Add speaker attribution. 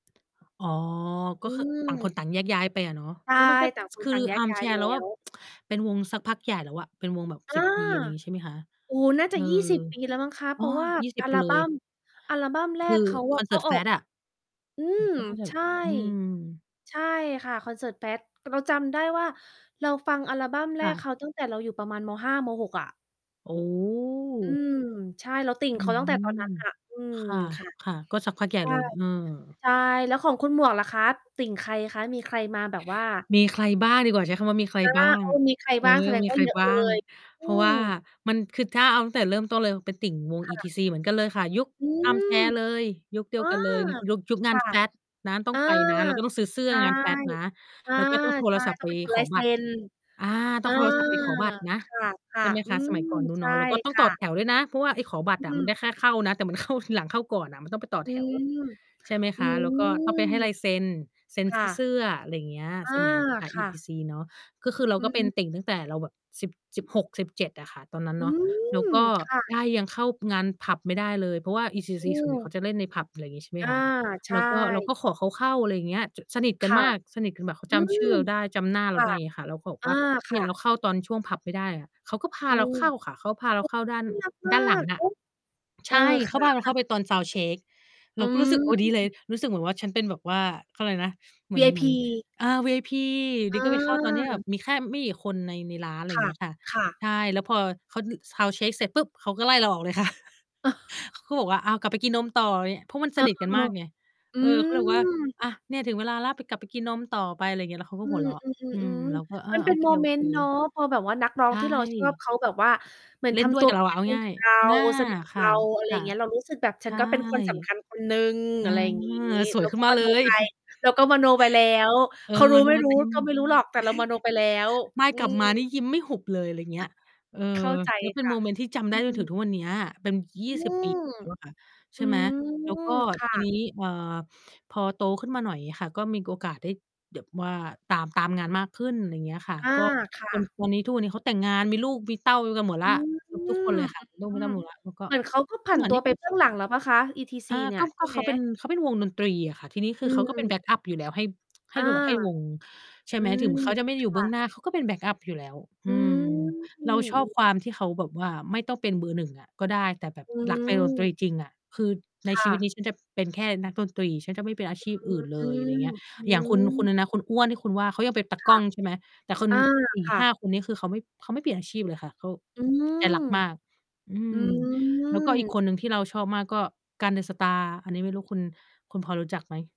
Speaker 1: อ๋อ ก
Speaker 2: อ
Speaker 1: ็
Speaker 2: ื
Speaker 1: คือ ต่างค
Speaker 2: ม
Speaker 1: นต่างแยกย้ายไปอะเนาะ
Speaker 2: ใช
Speaker 1: เฮ
Speaker 2: ่
Speaker 1: ้ย มันก็
Speaker 2: ต่างค
Speaker 1: ค
Speaker 2: น
Speaker 1: ือ
Speaker 2: ต่างแยก ย้าย
Speaker 1: Armchair
Speaker 2: แล้
Speaker 1: เราว่า
Speaker 2: ว
Speaker 1: เป็นวงสักพักใหญ่แล้วอะ เป็นวงแบบ
Speaker 2: อ
Speaker 1: ส
Speaker 2: า
Speaker 1: ิบ ปี อะไรอย่างงี้ใช่ไหมคะ?
Speaker 2: โอ้โฮ น่า
Speaker 1: เ
Speaker 2: จ
Speaker 1: อ
Speaker 2: ะ
Speaker 1: อ
Speaker 2: 20 ปีแล้วมั้งคะ
Speaker 1: อ
Speaker 2: เ
Speaker 1: ๋
Speaker 2: พ
Speaker 1: อ
Speaker 2: ราะว่า
Speaker 1: ยี่สิ
Speaker 2: อ
Speaker 1: บ
Speaker 2: ั
Speaker 1: ไป
Speaker 2: ล
Speaker 1: เล
Speaker 2: บั
Speaker 1: ย
Speaker 2: ม อัลบัมแร
Speaker 1: คื
Speaker 2: ก
Speaker 1: อ
Speaker 2: เขาอ
Speaker 1: คอ
Speaker 2: ะ
Speaker 1: นเส
Speaker 2: ก
Speaker 1: ิ
Speaker 2: ็
Speaker 1: ร์ต
Speaker 2: ออก
Speaker 1: Fat อะ เ
Speaker 2: อื
Speaker 1: หมือน
Speaker 2: ม
Speaker 1: เขาก็จะแ
Speaker 2: ใ
Speaker 1: บ
Speaker 2: ช
Speaker 1: บ
Speaker 2: ่
Speaker 1: อืม
Speaker 2: ใช่ค่ะคอนเสิร์ต Fat เราจำได้ว่าเราฟังอัลบั้มแร
Speaker 1: ค่
Speaker 2: ก
Speaker 1: ะ
Speaker 2: เขาตั้งแต่เราอยู่ประมาณ ม. 5 ม. 6 อะ
Speaker 1: โอ้
Speaker 2: อืม ใช่ เราติ่ง
Speaker 1: อื
Speaker 2: เขาตั้งแต่ตอ
Speaker 1: ม
Speaker 2: นนั้นอะ อืม
Speaker 1: ค่ะ
Speaker 2: ค่ะ
Speaker 1: ค่ะ ก็สักพักให
Speaker 2: ใ
Speaker 1: ญ
Speaker 2: ช
Speaker 1: ่
Speaker 2: ่
Speaker 1: เลย เออ
Speaker 2: ใช่ แล้วของคุณหมวกล่ะคะ ติ่งใครคะ? มีใครมาแบบว่า
Speaker 1: มีใครบ้างดีกว่า ใช้คำว่ามีใคร
Speaker 2: อา
Speaker 1: บ้าง
Speaker 2: โอ้ มีใคร
Speaker 1: เอ
Speaker 2: บ้างแ
Speaker 1: อ
Speaker 2: สดง
Speaker 1: มี
Speaker 2: ว่
Speaker 1: ใ
Speaker 2: า
Speaker 1: คร
Speaker 2: เยอะ
Speaker 1: บ้
Speaker 2: เล
Speaker 1: าง
Speaker 2: ย อ
Speaker 1: เ
Speaker 2: ื
Speaker 1: พราะว่า
Speaker 2: ม
Speaker 1: มันคือ ถ้าเอา ตั้งแต่เริ่มต้นเลยเป็นติ่งวง
Speaker 2: ค่ะ
Speaker 1: ETC เหมือนกันเลยค่ะ ยุค
Speaker 2: อืม
Speaker 1: Armchair เลย ยุคเดี
Speaker 2: อ
Speaker 1: ยว
Speaker 2: า
Speaker 1: กันเลย ยุค ยุค
Speaker 2: ค
Speaker 1: งาน
Speaker 2: ่ะ
Speaker 1: Fat นะ ต้
Speaker 2: เอ
Speaker 1: อง
Speaker 2: อ
Speaker 1: ไปนะ เราก็ต้องซื้อเสื้
Speaker 2: ใช
Speaker 1: อ
Speaker 2: ่
Speaker 1: งาน Fat นะ
Speaker 2: เออ
Speaker 1: แล้วก็ต้องโท
Speaker 2: ใช
Speaker 1: ร
Speaker 2: ่
Speaker 1: ศัพท์
Speaker 2: ต้
Speaker 1: ไป
Speaker 2: องไปขอ
Speaker 1: ข
Speaker 2: ลา
Speaker 1: อ
Speaker 2: ยเ
Speaker 1: บ
Speaker 2: ซ
Speaker 1: ัต
Speaker 2: ็
Speaker 1: ร
Speaker 2: น
Speaker 1: อา ต
Speaker 2: อ
Speaker 1: ้อ
Speaker 2: า
Speaker 1: งโทรศัพท์ไปขอบัตรนะ
Speaker 2: ค
Speaker 1: ใ
Speaker 2: ่
Speaker 1: ช
Speaker 2: ะ
Speaker 1: ่ไหม
Speaker 2: ๆ อ
Speaker 1: ค
Speaker 2: ื
Speaker 1: ะ สมั
Speaker 2: ม
Speaker 1: ยก่อนนู้น
Speaker 2: ใช
Speaker 1: เน
Speaker 2: ่
Speaker 1: าะ แล้วก็ต้อ
Speaker 2: ค
Speaker 1: งต
Speaker 2: ่
Speaker 1: ่อ
Speaker 2: ะ
Speaker 1: แถวด้วยนะ เพราะว่าไอ้ขอบัต
Speaker 2: อื
Speaker 1: รอะมันไ
Speaker 2: ม
Speaker 1: ด้แค่เข้านะ แต่มัน เข้าทีหลัง เข้าก่อนน่ะ มันต้องไปต่อ
Speaker 2: อื
Speaker 1: แถว
Speaker 2: ม
Speaker 1: ใช่ไหม
Speaker 2: อ
Speaker 1: ค
Speaker 2: ื
Speaker 1: ะ แล้วก็ต้องไป
Speaker 2: ม
Speaker 1: ให้ลายเซ็น เซ็น
Speaker 2: ค่
Speaker 1: ท
Speaker 2: ะ อา ค่
Speaker 1: ี่ เส
Speaker 2: ะ
Speaker 1: ื้อ อะไรอย่างเงี้ย
Speaker 2: อา
Speaker 1: สมัยนั้นค่ะ
Speaker 2: ค่ะ
Speaker 1: ETC เนาะ ก็คือเรา
Speaker 2: อื
Speaker 1: ก็เป็น
Speaker 2: ม
Speaker 1: ติ่งตั้งแต่เราแบบ สิบ 16-17 อะค่ะ ตอนนั้น
Speaker 2: อื
Speaker 1: เนาะ แล้ว
Speaker 2: ม
Speaker 1: ก็
Speaker 2: ค่ะ
Speaker 1: ได้ยังเข้างานผับไม่ได้เลย เพราะว่า
Speaker 2: อ
Speaker 1: ETC
Speaker 2: ื
Speaker 1: ส่วนใหญ่
Speaker 2: ม
Speaker 1: เขาจะเล่นในผับ อะไรอย่างงี้ ใช่ไหม
Speaker 2: อา
Speaker 1: คะ
Speaker 2: ใช
Speaker 1: แล้วก็เร
Speaker 2: ่
Speaker 1: าก็ขอเขาเข้า อะไรอย่างเงี้ย จน สนิทกั
Speaker 2: ค
Speaker 1: น
Speaker 2: ่ะ
Speaker 1: มาก สนิทกันแบบ เขา
Speaker 2: อื
Speaker 1: จำชื่
Speaker 2: ม
Speaker 1: อเราได้ จำหน้า
Speaker 2: ค
Speaker 1: เรา
Speaker 2: ่
Speaker 1: ไ
Speaker 2: ะ
Speaker 1: ด้ เงี้ยค่ะ เราก็บอก
Speaker 2: อ
Speaker 1: ว
Speaker 2: า
Speaker 1: ่าเ
Speaker 2: ค
Speaker 1: นี่
Speaker 2: ่
Speaker 1: ยเรา
Speaker 2: ะ
Speaker 1: เข้าตอนช่วงผับไม่ได้อะ เขาก็พา
Speaker 2: อื
Speaker 1: เรา
Speaker 2: ม
Speaker 1: เข้าค่ะ เขาก็พาเรา
Speaker 2: ก
Speaker 1: เข้าด้าน
Speaker 2: น่ารัก ม
Speaker 1: ด้
Speaker 2: า
Speaker 1: านหลั
Speaker 2: ก
Speaker 1: งอ
Speaker 2: เ
Speaker 1: ะ
Speaker 2: อ๊ะ เ
Speaker 1: ใ
Speaker 2: อ
Speaker 1: ช
Speaker 2: อ
Speaker 1: ่ เ
Speaker 2: ค
Speaker 1: ขา
Speaker 2: ่ะ
Speaker 1: พาเราเข้าไปตอน sound check เ
Speaker 2: อ
Speaker 1: ร
Speaker 2: ื
Speaker 1: าก็รู้สึก โอ้ ดีเลย
Speaker 2: ม
Speaker 1: รู้สึกเหมือนว่าฉันเป็นแบบว่า เขาเรียกอะไรนะ เหมือน เหมือน
Speaker 2: VIP
Speaker 1: อา VIP อยู่
Speaker 2: เ
Speaker 1: ดี ๆ ก็ไปเข้าตอนที่แบ
Speaker 2: ออ
Speaker 1: บมีแค่ไม่กี่คนใน ในร้าน อะไร
Speaker 2: ค
Speaker 1: อย่า
Speaker 2: ่
Speaker 1: ง
Speaker 2: ะ
Speaker 1: เงี้ยค่ะ
Speaker 2: ค่ะ
Speaker 1: ใช่ แล้วพอเขา น sound check เสร็จปุ๊บ เขาก็ไล่เราออกเลยค่ะ เขาก็บอกว่า อ้าว กลับไปกินนมต่อเนี่ย เพราะมัน
Speaker 2: เ
Speaker 1: ส
Speaker 2: ออ
Speaker 1: นิทกันมากไง
Speaker 2: ๆ อื
Speaker 1: เออ ก็เลยบอกว่า
Speaker 2: ม
Speaker 1: อา เนี่ยถึงเวลาแล้ว ไปกลับไปกินนมต่อไป อะไรอย่างเงี้ย แล้วเขาก็
Speaker 2: อื
Speaker 1: หัวเราะ อืม
Speaker 2: อ ๆ
Speaker 1: เราก
Speaker 2: ๆ
Speaker 1: ็ อ
Speaker 2: ๆ ม
Speaker 1: า
Speaker 2: ันเ
Speaker 1: โ
Speaker 2: ป
Speaker 1: อ
Speaker 2: ็น
Speaker 1: เ
Speaker 2: โมเมน
Speaker 1: ค
Speaker 2: ต์เนาะ
Speaker 1: ๆ
Speaker 2: พอแบบว่านักร้อ
Speaker 1: ใช
Speaker 2: งที่เราชอบ
Speaker 1: ่
Speaker 2: เขาแบบว่า เหมือ
Speaker 1: เ
Speaker 2: น
Speaker 1: ล่
Speaker 2: ท
Speaker 1: นด้
Speaker 2: ำ
Speaker 1: ว
Speaker 2: ต
Speaker 1: ย
Speaker 2: ั
Speaker 1: ก
Speaker 2: ว
Speaker 1: ับ
Speaker 2: เ
Speaker 1: เ
Speaker 2: ป
Speaker 1: ร
Speaker 2: ็
Speaker 1: า
Speaker 2: น
Speaker 1: อะ
Speaker 2: กั
Speaker 1: เอ
Speaker 2: น
Speaker 1: า
Speaker 2: เอ
Speaker 1: ง
Speaker 2: ง
Speaker 1: ่า
Speaker 2: กั
Speaker 1: ย
Speaker 2: บ เรา
Speaker 1: ๆ อา
Speaker 2: สนิท กับ
Speaker 1: ค่
Speaker 2: เ
Speaker 1: ะ
Speaker 2: รา อะไร
Speaker 1: ค
Speaker 2: อ
Speaker 1: ่
Speaker 2: ย
Speaker 1: ะ
Speaker 2: ่างเงี้ย เรารู้สึกแบบ
Speaker 1: ใ
Speaker 2: ฉ
Speaker 1: ช
Speaker 2: ัน
Speaker 1: ่
Speaker 2: ก็เป็นคนสำคัญคนหนึ่ง
Speaker 1: เอ
Speaker 2: อ
Speaker 1: อ
Speaker 2: ะไรอย่างงี้
Speaker 1: ส
Speaker 2: เ
Speaker 1: ว
Speaker 2: ร
Speaker 1: ย
Speaker 2: า
Speaker 1: ขึ
Speaker 2: ก
Speaker 1: ้น
Speaker 2: ็
Speaker 1: ม
Speaker 2: ม
Speaker 1: าเล
Speaker 2: โนไ
Speaker 1: ย
Speaker 2: ป เราก็มโนไปแล้ว
Speaker 1: เออ
Speaker 2: เขารู้
Speaker 1: one
Speaker 2: ไม่
Speaker 1: more
Speaker 2: รู้
Speaker 1: เต็ม
Speaker 2: ก็ไม่รู้หรอก แต่เรามโนไปแล้ว
Speaker 1: ไม่
Speaker 2: อื
Speaker 1: กลับมานี
Speaker 2: ม
Speaker 1: ่ยิ้มไม่หุบเลย อะไรอย่างเงี้ย เออ
Speaker 2: เข้าใจ
Speaker 1: แล้วเป็น
Speaker 2: ค่
Speaker 1: โ
Speaker 2: ะ
Speaker 1: มเมนต์ที่จำได
Speaker 2: อ
Speaker 1: ้
Speaker 2: ื
Speaker 1: จนถึง
Speaker 2: ม
Speaker 1: ทุกวันเนี้ย เป็น ย
Speaker 2: อ
Speaker 1: ี
Speaker 2: ื
Speaker 1: ่สิบ ปี
Speaker 2: ม
Speaker 1: แล้วอะค่ะ ใช
Speaker 2: อื
Speaker 1: ่ไหม แล้วก็
Speaker 2: ม ค่
Speaker 1: ที
Speaker 2: ะ
Speaker 1: นี้ เอ่อ พอโตขึ้นมาหน่อยค่ะ ก็มีโอกาสได้แบบว่าตาม ตามงานมากขึ้น อะไรอย่างเงี้ยค่ะ
Speaker 2: อา
Speaker 1: ก็
Speaker 2: ค่
Speaker 1: วัน
Speaker 2: ะ
Speaker 1: วัน นี้ ทุกวันนี้เขาแต่งงานมีลูกมีเต้ากันหมดแ
Speaker 2: อ
Speaker 1: ล
Speaker 2: ื
Speaker 1: ้ว
Speaker 2: ม
Speaker 1: เ
Speaker 2: อ
Speaker 1: ก
Speaker 2: ื
Speaker 1: ือบทุกคนเลย ค่ะ ลูกไม่ต้
Speaker 2: ม
Speaker 1: องมี แล้ว แล้ว ก็
Speaker 2: เหมือนเขาก็ผั
Speaker 1: เห
Speaker 2: น
Speaker 1: มือ
Speaker 2: ต
Speaker 1: น
Speaker 2: ั
Speaker 1: น
Speaker 2: ว
Speaker 1: ี่
Speaker 2: ไป
Speaker 1: มี
Speaker 2: เบื
Speaker 1: ค
Speaker 2: ้
Speaker 1: ล
Speaker 2: อ
Speaker 1: ิป
Speaker 2: งหลังแล้วเปล่าคะ ETC
Speaker 1: อา
Speaker 2: เนี่
Speaker 1: ก็
Speaker 2: ยใช
Speaker 1: ก็
Speaker 2: ่
Speaker 1: เ
Speaker 2: ไ
Speaker 1: ข
Speaker 2: หม?
Speaker 1: าเป็น เขาเป็นวงดนตรีอะค่ะ ทีนี้คื
Speaker 2: อื
Speaker 1: อเขาก็เป็น
Speaker 2: ม
Speaker 1: แบ็กอัปอยู่แล้วให้ ให
Speaker 2: อ
Speaker 1: ้
Speaker 2: า
Speaker 1: ดูแบบ ให้วง ใช่
Speaker 2: อื
Speaker 1: ไหม ถ
Speaker 2: ม
Speaker 1: ึงเขาจะไม่ได้
Speaker 2: ค
Speaker 1: อยู่เบ
Speaker 2: ่
Speaker 1: ื้อง
Speaker 2: ะ
Speaker 1: หน้า เขาก็เป็นแบ็กอัปอยู่แล้ว
Speaker 2: อ
Speaker 1: อ
Speaker 2: ื
Speaker 1: ื
Speaker 2: ม
Speaker 1: ม
Speaker 2: อื
Speaker 1: เราชอบ
Speaker 2: อ
Speaker 1: ความที่เขาแบบว่า ไม่ต้องเป็นเบอร์ 1 อะก็ได้ แต่แบบ
Speaker 2: อื
Speaker 1: รักในดนต
Speaker 2: ม
Speaker 1: รีจริงอะ คือใน
Speaker 2: ค่
Speaker 1: ชีวิต
Speaker 2: ะ
Speaker 1: นี้ฉันจะเป็นแค่นักดนตรี ฉันจะไม่เป็นอาชีพอื่นเล
Speaker 2: อื
Speaker 1: ย อะไร
Speaker 2: ม
Speaker 1: อย่างเงี้ย
Speaker 2: อื
Speaker 1: อย่างคุณ คุณอ
Speaker 2: ม
Speaker 1: ะไรนะ คุณอ้วนคุณว่าเขายังเป็นตา
Speaker 2: ค
Speaker 1: กล
Speaker 2: ่
Speaker 1: ้
Speaker 2: ะ
Speaker 1: อง ใช่ไหม แต่คน
Speaker 2: อา
Speaker 1: อี
Speaker 2: ค
Speaker 1: ก
Speaker 2: ่
Speaker 1: 5
Speaker 2: ะ
Speaker 1: คนนี้ คือเขาไม่ เขาไม่เปลี่ยนอาชีพเลยค่ะ เขา
Speaker 2: อื
Speaker 1: อ ใจ
Speaker 2: ม
Speaker 1: รักมาก อื
Speaker 2: อื
Speaker 1: ม แล้วก็อีก
Speaker 2: ม
Speaker 1: คนหนึ่งที่เราชอบมากก็ กัน เดอะสตาร์ อันนี้ไม่รู้คุณ คุณพอรู้จักไหม?